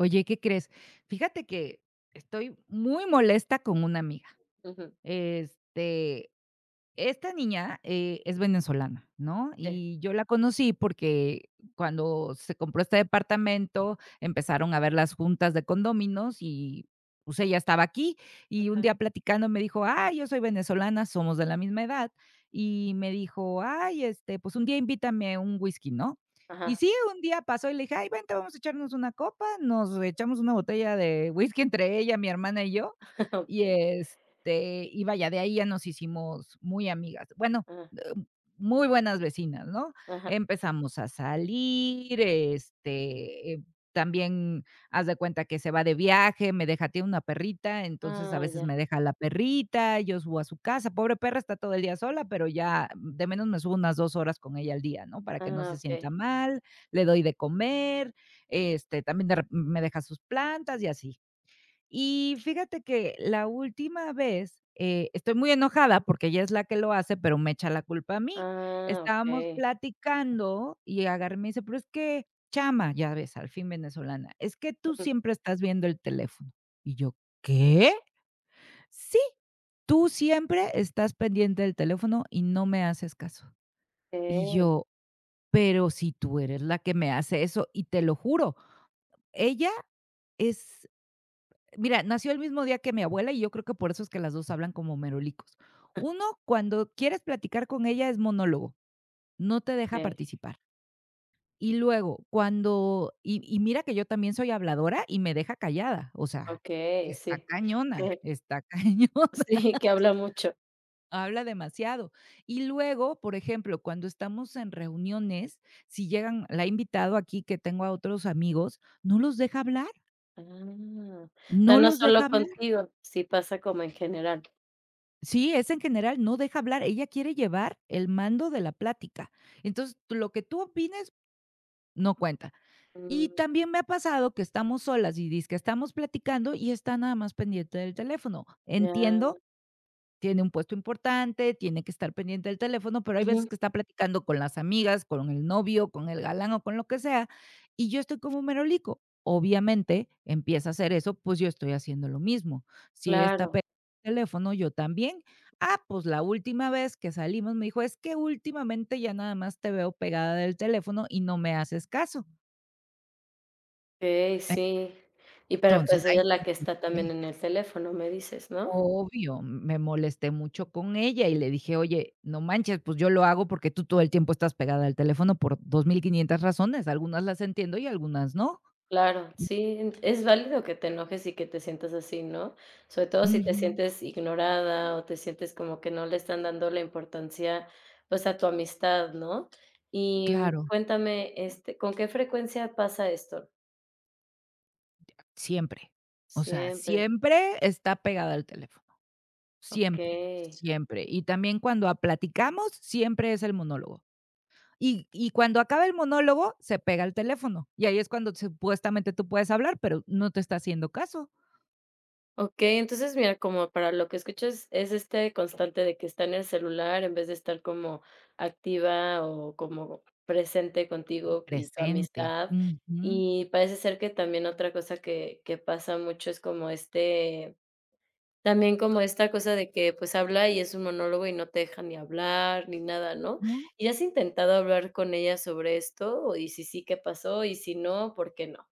Oye, ¿qué crees? Fíjate que estoy muy molesta con una amiga. Ujú. Este, esta niña, eh, es venezolana, ¿no? Sí. Y yo la conocí porque cuando se compró este departamento empezaron a haber las juntas de condóminos y, pues, ella estaba aquí y un Ajá. día platicando me dijo: "¡Ay!, yo soy venezolana", somos de la misma edad y me dijo: "¡Ay!, este, pues, un día invítame un whisky", ¿no? Y Ajá. sí, un día pasó y le dije: "¡Ay, vente! Vamos a echarnos una copa". Nos echamos una botella de whisky entre ella, mi hermana y yo. Y Okey. este, y vaya, de ahí ya nos hicimos muy amigas. Bueno, Ajá. muy buenas vecinas, ¿no? Ajá. Empezamos a salir, este, también haz de cuenta que se va de viaje, me deja tiene una perrita. Entonces, a Ah, veces ya. me deja la perrita, yo subo a su casa. Pobre perra, está todo el día sola, pero ya de menos me subo unas 2 horas con ella al día, ¿no? para que no Ah, se Okey. sienta mal. Le doy de comer, este, también de re me deja sus plantas y así. Y fíjate que la última vez, eh, estoy muy enojada porque ella es la que lo hace, pero me echa la culpa a mí. Ah, Estábamos Okey. platicando y agarra y me dice: "Pero es que chama", ya ves al fin venezolana, "es que tú Ujú. siempre estás viendo el teléfono" y yo: "¿Qué?", "Sí, tú siempre estás pendiente del teléfono y no me haces caso". Y [unintelligible] yo: "Pero si tú eres la que me hace eso" y te lo juro, ella es, mira, nació el mismo día que mi abuela y yo creo que por eso es que las dos hablan como merolicos. Uno, cuando quieres platicar con ella es monólogo. No te deja Okey. participar. Y luego cuando y y mira que yo también soy habladora y me deja callada. O sea, Okey, está sí, cañona, sí. está cañona. Sí, que habla mucho. Habla demasiado. Y luego, por ejemplo, cuando estamos en reuniones, si llegan la he invitado aquí que tengo a otros amigos, no los deja hablar. Ah, pero No no los solo deja hablar. contigo. Si pasa como en general. Sí, es en general no deja hablar, ella quiere llevar el mando de la plática. Entonces lo que tú opines, no cuenta. Y Mm. también me ha pasado que estamos solas y dizque estamos platicando y está nada más pendiente del teléfono. Meana. Entiendo, tiene un puesto importante, tiene que estar pendiente del teléfono, pero hay veces Ujú. que está platicando con las amigas, con el novio, con el galán o con lo que sea y yo estoy como un merolico. Obviamente empieza a hacer eso, pues yo estoy haciendo lo mismo. Si ella está Claro. pe teléfono yo también, ah, pues la última vez que salimos me dijo: "Es que últimamente ya nada más te veo pegada del teléfono y no me haces caso". Ey, E sí. Y, pero entonces pues ahí ella es la me que está también molesté. en el teléfono, me dices, ¿no? Obvio, m me molesté mucho con ella y le dije: "Oye, no manches. Pues yo lo hago porque tú todo el tiempo estás pegada al teléfono por 2500 razones. Algunas las entiendo y algunas no". Claro. Sí, n es válido que te enojes y que te sientas así, ¿no? Sobre todo si te Ujú. sientes ignorada o te sientes como que no le están dando la importancia, pues a tu amistad, ¿no? Y, mm, Claro. cuéntame, este, ¿con qué frecuencia pasa esto? Siempre, o sea, Siempre. siempre está pegada al teléfono, siempre, Okey siempre, y también cuando, ah, platicamos siempre es el monólogo y y cuando acaba el monólogo se pega al teléfono. Y ahí es cuando supuestamente tú puedes hablar, pero no te está haciendo caso. Okey, entonces, mira, como para lo que escuchas, es este constante de que está en el celular en vez de estar como activa o como presente contigo y tu Presente, amistad, ujú. y parece ser que también otra cosa que que pasa mucho es como, este, también como esta cosa de que, pues, habla y es un monólogo y no te deja ni hablar ni nada ¿no? No. Y has intentado hablar con ella sobre esto y sí, sí, ¿qué pasó? Y si no, ¿por qué no?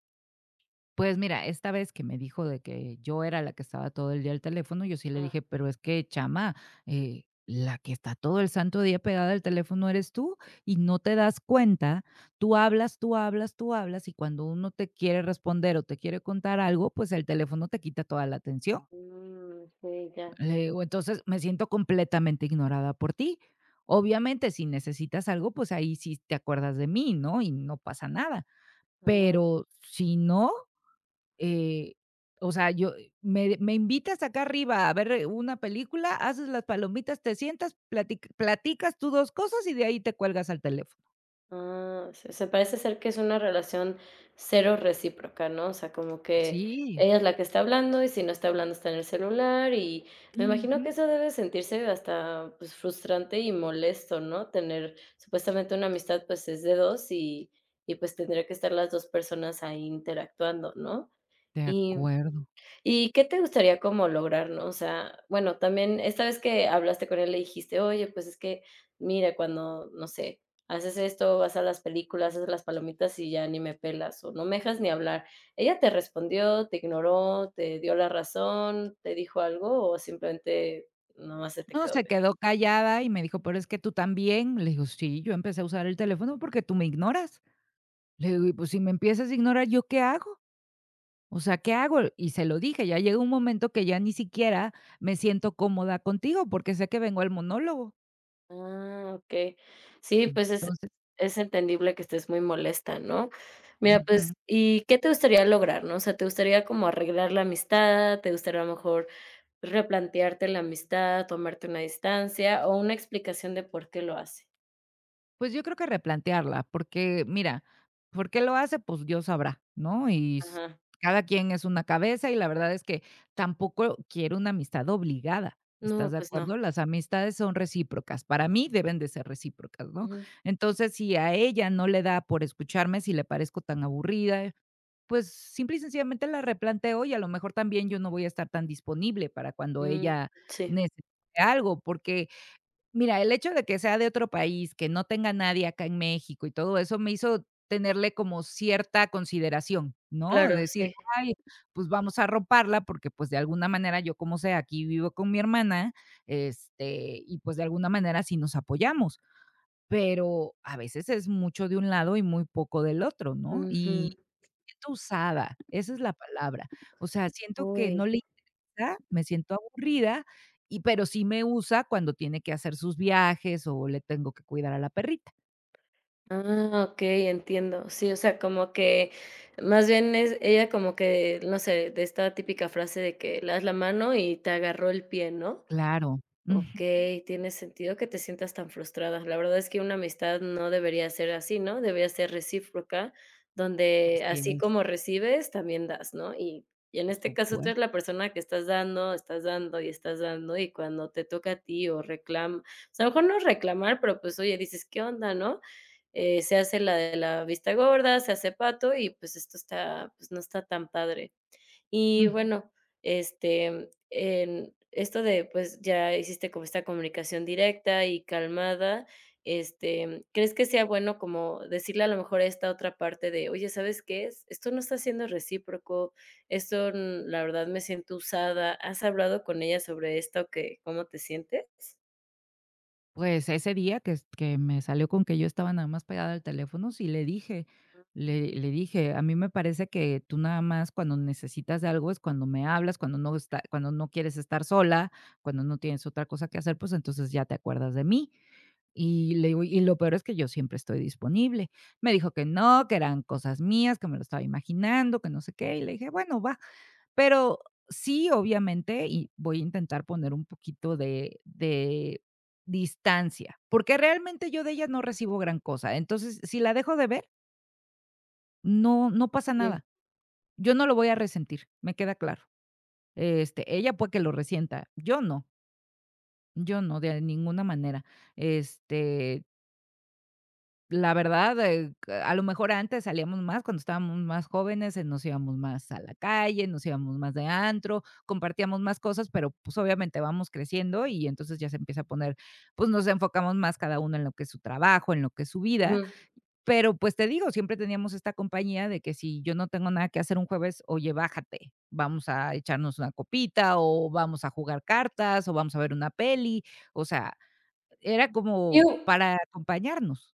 Pues, mira, esta vez que me dijo de que yo era la que estaba todo el día al teléfono, yo sí le Ajá. dije: "Pero es que chama, eh, la que está todo el santo día pegada al teléfono eres tú y no te das cuenta, tú hablas, tú hablas, tú hablas y cuando uno te quiere responder o te quiere contar algo, pues, el teléfono te quita toda la atención". Mm, sí, ya. Le digo, entonces, me siento completamente ignorada por ti. Obviamente, si necesitas algo, pues, ahí si te acuerdas de mí, ¿no? Y no pasa nada. Ah. Pero si no, eh, o sea, yo me me invitas acá arriba a ver una película, haces las palomitas, te sientas platic platicas tú dos cosas y de ahí te cuelgas al teléfono. Ah, se se parece ser que es una relación cero recíproca, ¿no? O sea, como que, Sí. ella es la que está hablando y si no está hablando, está en el celular y me imagino que Ujú. eso debe sentirse hasta, pues, frustrante y molesto, ¿no? Tener supuestamente una amistad, pues, es de 2 y y pues tendría que estar las 2 personas ahí interactuando, ¿no? De Y, mm, acuerdo. y ¿qué te gustaría como lograr?, ¿no? O sea, bueno, también esta vez que hablaste con ella le dijiste: "Oye, pues, es que mira, cuando, no sé, haces esto, vas a las películas, haces las palomitas y ya ni me pelas o no me dejas ni hablar". Ella, ¿te respondió? ¿Te ignoró? ¿Te dio la razón? ¿Te dijo algo o simplemente no más se te No quedó se viendo? quedó callada y me dijo: "Pero es que tú también" le digo: "Sí, yo empecé a usar el teléfono, porque tú me ignoras". Le digo: "Y, pues, si me empiezas a ignorar, ¿yo qué hago? O sea, ¿qué hago?". Y se lo dije. Ya llegó un momento que ya ni siquiera me siento cómoda contigo, porque sé que vengo al monólogo. Ah, okey. Sí, pues, es entonces es entendible que estés muy molesta, ¿no? Mira, Ujú. pues y, ¿qué te gustaría lograr?, ¿no? O sea, ¿te gustaría como arreglar la amistad? ¿Te gustaría a lo mejor replantearte la amistad, tomarte una distancia o una explicación de por qué lo hace? Pues yo creo que replantearla, porque, mira, ¿por qué lo hace?, pues Dios sabrá, ¿no?, y s Ajá. cada quien es una cabeza y la verdad es que tampoco quiero una amistad obligada, ¿estás No, de pues no. acuerdo?, las amistades son recíprocas, para mí deben de ser recíprocas, ¿no?, Ujú. entonces, si a ella no le da por escucharme, si le parezco tan aburrida, pues, simple y sencillamente la replanteo y a lo mejor también yo no voy a estar tan disponible para cuando Mm, ella sí. necesite algo, porque mira, el hecho de que sea de otro país, que no tenga nadie acá en México y todo eso, me hizo tenerle como cierta consideración, ¿no?, de Claro, decir: sí. "Ay, pues, vamos a arroparla", porque, pues, de alguna manera yo como sea aquí vivo con mi hermana, este, y pues, de alguna manera sí nos apoyamos, pero a veces es mucho de un lado y muy poco del otro, ¿no?, y Ujú. me siento usada, esa es la palabra, o sea, siento que no Uy. le interesa, me siento aburrida y pero sí me usa cuando tiene que hacer sus viajes o le tengo que cuidar a la perrita. Ah, okey, entiendo. Sí, o sea, como que más bien es ella como que, no sé, de esta típica frase de que: "Le das la mano y te agarró el pie", ¿no? Claro. Ujú. Okey, tiene sentido que te sientas tan frustrada. La verdad es que una amistad no debería ser así, ¿no? Debería ser recíproca donde Así así como es. recibes también das, ¿no? Y y en Por este caso, tú supues eres la persona que estás dando, estás dando y estás dando y cuando te toca a ti o reclam o sea a lo mejor no reclamar, pero, pues, oye, dices: "¿Qué onda?", ¿no? Eh, se hace la de la vista gorda, se hace pato y, pues, esto está, pues, no está tan padre. Y Ujú. bueno, este, en esto de, pues, ya hiciste como esta comunicación directa y calmada. Este, em, ¿crees que sea bueno como decirle a lo mejor esta otra parte de: "Oye, ¿sabes qué es? Esto no está siendo recíproco. Esto, um, la verdad, me siento usada". ¿Has hablado con ella sobre esto que cómo te sientes? Pues, ese día que s que me salió con que yo estaba nada más pegada al teléfono sí le dije. Ujú. Le le dije: "A mí me parece que tú nada más cuando necesitas algo es cuando me hablas cuando no está cuando no quieres estar sola, cuando no tienes otra cosa que hacer, pues, entonces ya te acuerdas de mí". Y le digo: "Y lo peor es que yo siempre estoy disponible". Me dijo que no, que eran cosas mías, que me lo estaba imaginando, que no sé qué y le dije: "Bueno, va". Pero, sí, obviamente, y voy a intentar poner un poquito de de distancia, porque realmente yo de ella no recibo gran cosa. Entonces si la dejo de ver No, no pasa nada. Yo no lo voy a resentir. Me queda claro, este, ella puede que lo resienta. Yo no. Yo no, de ninguna manera, este La verdad, eh, a lo mejor antes salíamos más cuando estábamos más jóvenes, eh, nos íbamos más a la calle, nos íbamos más de antro, compartíamos más cosas, pero, pues, obviamente vamos creciendo y entonces ya se empieza a poner, pues, nos enfocamos más cada uno en lo que es su trabajo, en lo que es su vida. Ujú. Pero, pues, te digo, siempre teníamos esta compañía de que si yo no tengo nada que hacer un jueves: "Oye, bájate, vamos a echarnos una copita o vamos a jugar cartas o vamos a ver una peli", o sea, era como [unintelligible] para acompañarnos.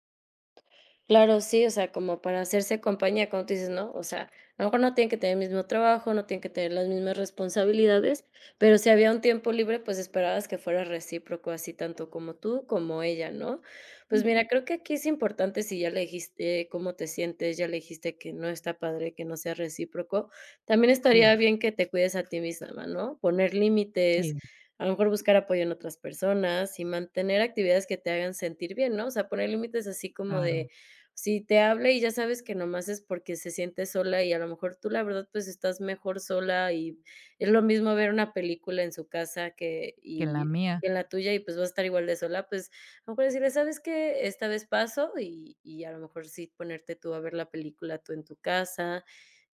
Claro. Sí, o sea, como para hacerse compañía, como tú dices, ¿no? O sea, a lo mejor no tienen que tener el mismo trabajo. No tienen que tener las mismas responsabilidades. Pero si había un tiempo libre, pues, esperabas que fuera recíproco, así tanto como tú, como ella, ¿no? Pues, Ujú. mira, creo que aquí es importante. Si ya le dijiste cómo te sientes. Ya le dijiste que no está padre que no sea recíproco, también Sí. estaría bien que te cuides a ti misma, ¿no? Poner límites, Sí. a lo mejor buscar apoyo en otras personas y mantener actividades que te hagan sentir bien, ¿no? O sea, poner límites así como Claro. de si te habla y ya sabes que nomás es porque se siente sola y a lo mejor tú, la verdad, pues, estás mejor sola y es lo mismo ver una película en su casa que Que la y mía en la tuya y, pues, vas a estar igual de sola. Pues, a lo mejor decirle: "¿Sabes que? esta vez paso" y y a lo mejor sí ponerte tú a ver la película tú en tu casa.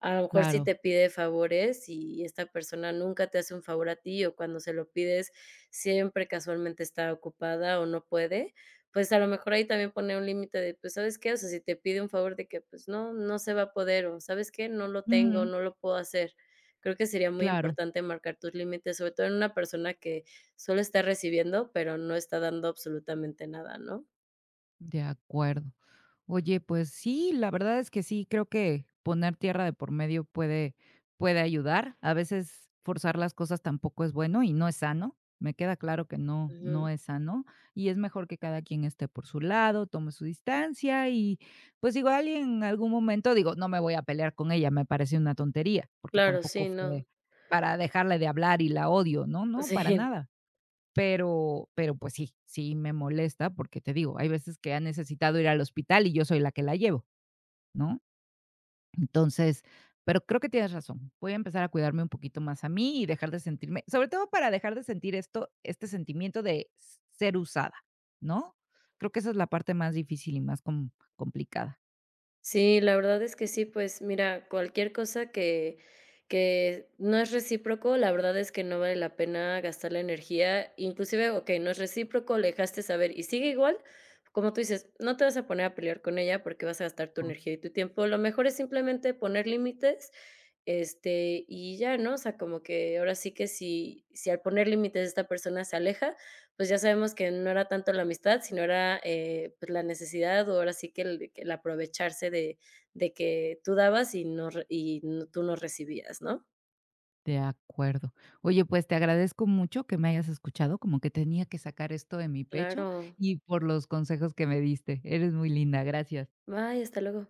A lo mejor sí Claro. te pide favores y esta persona nunca te hace un favor a ti o cuando se lo pides, siempre casualmente está ocupada o no puede. Pues, a lo mejor ahí también poner un límite de, pues, ¿sabes qué? O sea, si te pide un favor, de que, pues, no, no se va a poder o, ¿sabes qué?, no lo tengo o Ujú. no lo puedo hacer. Creo que sería muy Claro. importante marcar tus límites, sobre todo en una persona que solo está recibiendo, pero no está dando absolutamente nada, ¿no? De acuerdo. Oye, pues sí, la verdad es que sí. Creo que poner tierra de por medio puede puede ayudar. A veces forzar las cosas tampoco es bueno y no es sano. Me queda claro que no, no Ujú. es sano y es mejor que cada quien esté por su lado, tome su distancia y, pues, digo alguien en algún momento digo, no me voy a pelear con ella, me parece una tontería, porque Claro, tampoco sí, fue no. para dejarle de hablar y la odio. No, no, para Sí. nada. Pero, pero, pues sí, sí me molesta, porque te digo, hay veces que ha necesitado ir al hospital y yo soy la que la llevo, ¿no? Entonces, pero creo que tienes razón. Voy a empezar a cuidarme un poquito más a mí y dejar de sentirme sobre todo para dejar de sentir esto, este sentimiento de s ser usada, ¿no? Creo que esa es la parte más difícil y más com complicada. Sí, la verdad es que sí. Pues, mira, cualquier cosa que que no es recíproco, la verdad es que no vale la pena gastar la energía, inclusive, okey no es recíproco. Le dejaste saber y sigue igual, como tú dices, no te vas a poner a pelear con ella, porque vas a gastar tu Oh. energía y tu tiempo. Lo mejor es simplemente poner límites, este, y ya ¿no? O sea, como que ahora sí que si si al poner límites esta persona se aleja, pues, ya sabemos que no era tanto la amistad, sino era, eh, pues, la necesidad o ahora sí que el el aprovecharse de de que tú dabas y no re y no tú no recibías, ¿no? De acuerdo. Oye, pues, te agradezco mucho que me hayas escuchado como que tenía que sacar esto de mi pecho Claro. y por los consejos que me diste. Eres muy linda. Gracias. Bye. Hasta luego.